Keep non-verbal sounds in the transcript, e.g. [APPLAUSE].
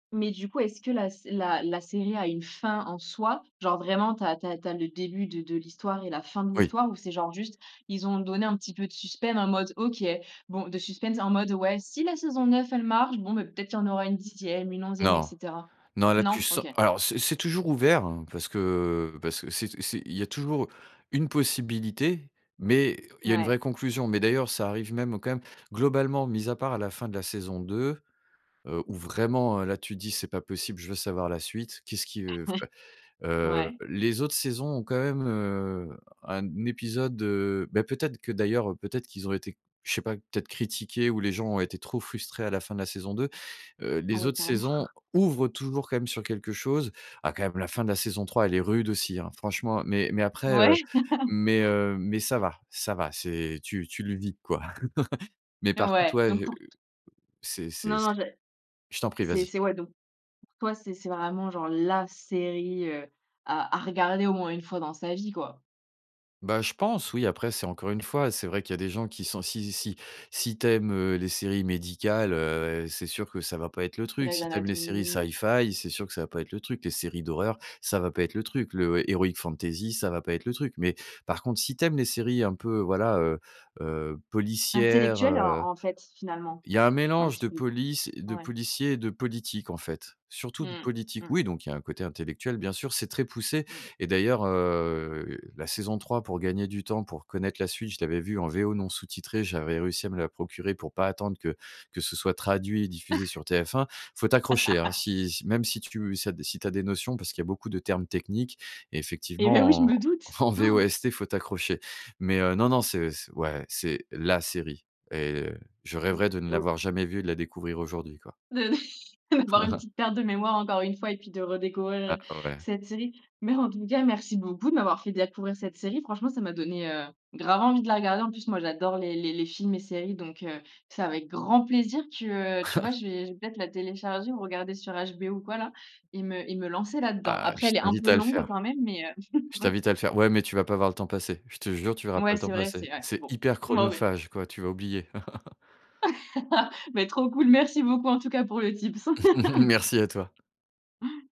Mais du coup, est-ce que la sé la la série a une fin en soi? Genre vraiment tu as tu as tu as le début de de l'histoire et la fin de Oui. l'histoire? Ou c'est genre juste, ils ont donné un petit peu de suspense en mode: «OK bon,» de suspense en mode: «Ouais, si la saison 9 elle marche, bon, beh, peut-être il y aura une 10e, une 11e et Non. cetera». Non, là, tu Non? so OK. alors c'est c'est toujours ouvert hein parce que parce que c'est t c'est il y a toujours une possibilité, mais il y a une Ouais. vraie conclusion. Mais d'ailleurs, ça arrive même au quand même globalement, mise à part à la fin de la saison 2, heu, où vraiment, heu, là tu dis: «C'est pas possible, je veux savoir la suite, qu'est-ce qui veut f». [CHUCKLES] Heu, Ouais. les autres saisons ont quand même, heu, un épisode, heu beh peut-être que d'ailleurs peut-être qu'ils ont été je sais pas, peut-être critiqués ou les gens ont été trop frustrés à la fin de la saison 2. Heu, Ah les oui, autres carrément! saisons [CHUCKLES] ouvrent toujours quand même sur quelque chose. Ah, quand même, la fin de la saison 3, elle est rude aussi, hein? Franchement. Mais mais après, Ouais heu [LAUGHS] mais, heu mais ça va ça va c'est tu tu le vis quoi. [CHUCKLES] Mais par contre, Ouais ouais, donc heu pour t c'est c'est Non, non c'est j'ai je t'en prie, c'est vas-y. c'est, ouais donc pour toi, c'est c'est vraiment genre la série, heu, à à regarder au moins une fois dans sa vie quoi! Bah, je pense oui. Après, c'est encore une fois, c'est vrai qu'il y a des gens qui sont si si si tu aimes, heu, les séries médicales, heu, c'est sûr que ça va pas être le truc. Grey's Si tu aimes les séries Anatomy. Sci-Fi, c'est sûr que ça va pas être le truc. Les séries d'horreur, ça va pas être le truc. Le heroic fantasy, ça va pas être le truc. Mais, par contre, si tu aimes les séries un peu, voilà, heu heu, policières, Intellectuelles heu. en en fait, finalement. Il y a un Un mélange petit de peu. police de Ouais. policiers et de politique, en fait, surtout de Mmh, politique. mmh Oui, mh. donc il y a un côté intellectuel, bien sûr, c'est très poussé. Mmh. Et d'ailleurs, heu, la saison 3, pour gagner du temps, pour connaître la suite, je l'avais vu en VO non sous titré, j'avais réussi à me la procurer pour pas attendre que que ce soit traduit et diffusé [CHUCKLES] sur TF1. Faut t'accrocher hein? [LAUGHS] Si si, même si tu ça, si tu as des notions, parce qu'il y a beaucoup de termes techniques. Et Eh beh oui, je effectivement me en doute. en Han! VOST, faut t'accrocher. Mais, heu, non non, c'est ouais c'est la série et je Z rêverais de ne et au l'avoir jamais vu, et de la découvrir aujourd'hui quoi. De de d'avoir une [CHUCKLES] petite perte de mémoire encore une fois et puis de redécouvrir, Ah heu, ouais. cette série. Mais en tout cas merci beaucoup de m'avoir fait découvrir cette série. Franchement ça m'a donné, heu, grave envie de la regarder. En plus, moi j'adore les les les films et séries donc, heu, c'est avec grand plaisir que, heu, tu vois [CHUCKLES] je vais je vais peut-être la télécharger, ou regarder sur HBO ou quoi là, et me et me lancer là-dedans. Ah! Je Après, elle est un t'invite peu à le longue faire. quand même mais, heu. Je [CHUCKLES] t'invite à le faire. Ouais, mais tu vas pas voir le temps passer. Je te jure, tu verras pas Ouais le temps c'est vrai c'est passer. vrai. C'est Bon hyper ben beh chronophage quoi, tu vas oublier. [LAUGHS] [LAUGHS] Mais trop cool, merci beaucoup en tout cas pour le tips. [CHUCKLES] [LAUGHS] Merci à toi! Han!